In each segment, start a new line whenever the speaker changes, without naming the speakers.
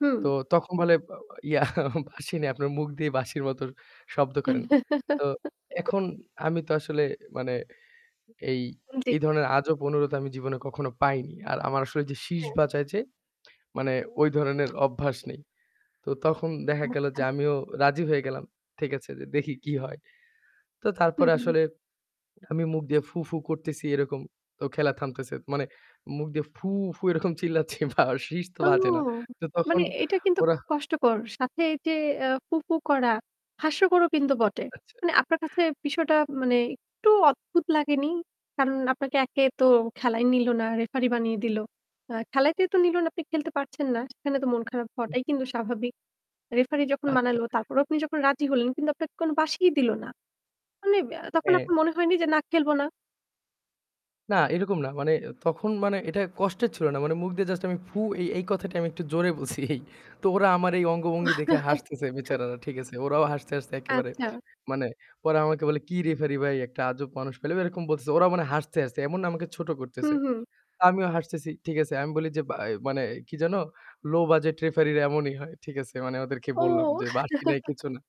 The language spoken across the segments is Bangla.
হুঁম।
তো তখন বলে ব ইয়া বাঁশি নাই। আপনার মুখ দিয়েই বাঁশির মতো শব্দ করেন। তো এখন আমি তো আসলে মানে এই,
হুঁম। জি।
এই ধরনের আজব অনুরোধ আমি জীবনে কখনো পাইনি। আর আমার আসলে যে শিস
হ্যাঁ।
বাঁজায় যে মানে ওই ধরনের অভ্যাস নেই। তো তখন দেখা গেল যে
আচ্ছা।
আমিও রাজি হয়ে গেলাম। ঠিক আছে যে দেখি কি হয়! তো
হুম,
তারপরে
হুম।
আসলে আমি মুখ দিয়ে ফু-ফু করতেছি এরকম। তো খেলা থামতেছে। মানে মুখ দিয়ে ফু, ফু এরকম চিল্লাচ্ছি বা শিস তো
ও
বাজে না। তো তখন
মানে এটা কিন্তু
ওরা
খুব কষ্টকর। সাথে এই যে এ ফু-ফু করা হাস্যকরও কিন্তু বটে।
আচ্ছা।
মানে আপনার কাছে বিষয়টা মানে একটু অদ্ভুত লাগেনি? কারণ আপনাকে একে তো খেলায় নিল না, রেফারি বানিয়ে দিল। আ খেলাতেই তো নিল না, আপনি খেলতে পারছেন না। সেখানে তো মন খারাপ হওয়াটাই কিন্তু স্বাভাবিক। রেফারি যখন
আচ্ছা।
বানালো, তারপরেও আপনি যখন রাজি হলেন কিন্তু আপনাকে কোন বাশিই দিল না। মানে আব তখন
হ্যাঁ।
আপনার মনে হয়নি যে, "না খেলব না?"
না এরকম না। মানে এ তখন মানে এটা কষ্টের ছিল না। মানে মুখ দিয়ে জাস্ট আমি ফু এই, এই কথাটা আমি একটু জোরে বলছি এই। তো ওরা আমার এই অঙ্গভঙ্গি দেখে হাসতেছে বেচারারা। ঠিক আছে? ওরাও হাসতে, হাসতে একেবারে
আচ্ছা।
মানে, "পরে আমাকে বলে কি রেফারি ভাই একটা আজব মানুষ পেলাম।" এরকম বলতেছে। ওরাও মানে হাসতে, হাসতে এমন না আমাকে ছোট
হুম,
করতেছে।
হুম।
আমিও হাসতেছি। ঠিক আছে? আমি বলি যে ব্য মানে কি যেন, "লো বাজেট রেফারিরা এমনই হয়।" ঠিক আছে? মানে ওদেরকে বললাম
ওহ!
যে বাঁশি নাই কিছু না।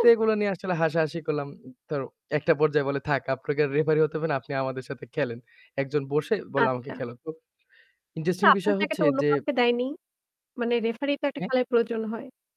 তো এগুলা নিয়ে আসলে হাসাহাসি করলাম। তো একটা পর্যায়ে বলে, "থাক আপনাকে আর রেফারি হতে হবে না। আপনি আমাদের সাথে খেলেন।" একজন বসে বললো আমাকে,
আচ্ছা।
"খেলো।" তো
তা
ইন্টারেস্টিং
আপনার
বিষয়
জায়গাটা
হচ্ছে
অন্য
যে
কাউকে দেয়নি? মানে রেফারি তো একটা
হ্যাঁ।
খেলায় প্রয়োজন হয়।